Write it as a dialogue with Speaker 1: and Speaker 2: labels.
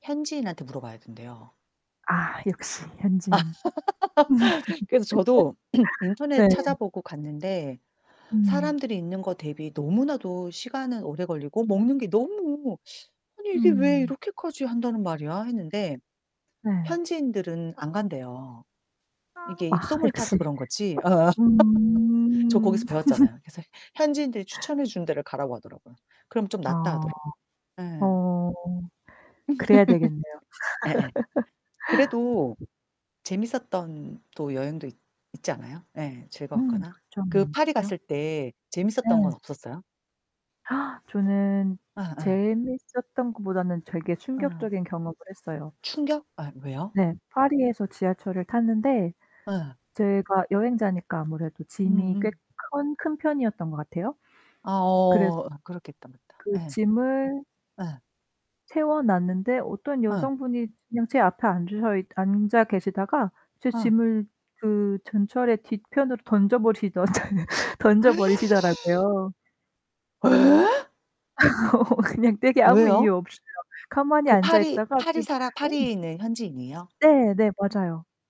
Speaker 1: 현지인한테 물어봐야 된대요.
Speaker 2: 아 역시 현지인.
Speaker 1: 그래서 저도 인터넷
Speaker 2: 네.
Speaker 1: 찾아보고 갔는데
Speaker 2: 음.
Speaker 1: 사람들이 있는 거 대비 너무나도 시간은 오래 걸리고 먹는 게 너무 '아니 이게 왜
Speaker 2: 음.
Speaker 1: 이렇게까지 한다는 말이야?' 했는데
Speaker 2: 네.
Speaker 1: 현지인들은 안 간대요.
Speaker 2: 아.
Speaker 1: 이게
Speaker 2: 아
Speaker 1: 입소문이 타서
Speaker 2: 역시.
Speaker 1: 그런 거지 어어. 저
Speaker 2: 음.
Speaker 1: 거기서 배웠잖아요. 그래서 현지인들이 추천해 주는 데를 가라고 하더라고요. 그러면 좀 낫다
Speaker 2: 아.
Speaker 1: 하더라고. 예.
Speaker 2: 어. 그래야 되겠네요.
Speaker 1: 예예. 그래도 재미있었던 또 여행도 있 있지 않아요? 예.
Speaker 2: 음
Speaker 1: 즐거웠거나.
Speaker 2: 그쵸.
Speaker 1: 그 파리
Speaker 2: 많죠.
Speaker 1: 갔을 때 재미있었던
Speaker 2: 네.
Speaker 1: 건 없었어요?
Speaker 2: 저는
Speaker 1: 아 아.
Speaker 2: 재미있었던 것보다는 되게
Speaker 1: 아.
Speaker 2: 충격적인 경험을 했어요.
Speaker 1: 충격? 아 왜요?
Speaker 2: 네. 파리에서 지하철을 탔는데
Speaker 1: 아.
Speaker 2: 제가 여행자니까 아무래도 짐이 꽤
Speaker 1: 음음.
Speaker 2: 큰 큰 편이었던 것 같아요.
Speaker 1: 아
Speaker 2: 그래서
Speaker 1: 어. 그렇겠다. 맞다.
Speaker 2: 그
Speaker 1: 예.
Speaker 2: 짐을
Speaker 1: 예.
Speaker 2: 세워 놨는데 어떤
Speaker 1: 응.
Speaker 2: 여성분이 그냥 제 앞에 앉으셔 있 앉아 계시다가 제
Speaker 1: 아.
Speaker 2: 짐을 그 전철의 뒤편으로 던져 버리시던 던져 버리시더라고요.
Speaker 1: 예?
Speaker 2: 어 그냥 되게 아무
Speaker 1: 왜요?
Speaker 2: 이유 없이요. 가만히
Speaker 1: 그
Speaker 2: 앉아
Speaker 1: 파리
Speaker 2: 있다가 네.
Speaker 1: 파리사라
Speaker 2: 어.
Speaker 1: 파리에 있는 현지인이에요?
Speaker 2: 네. 네, 맞아요.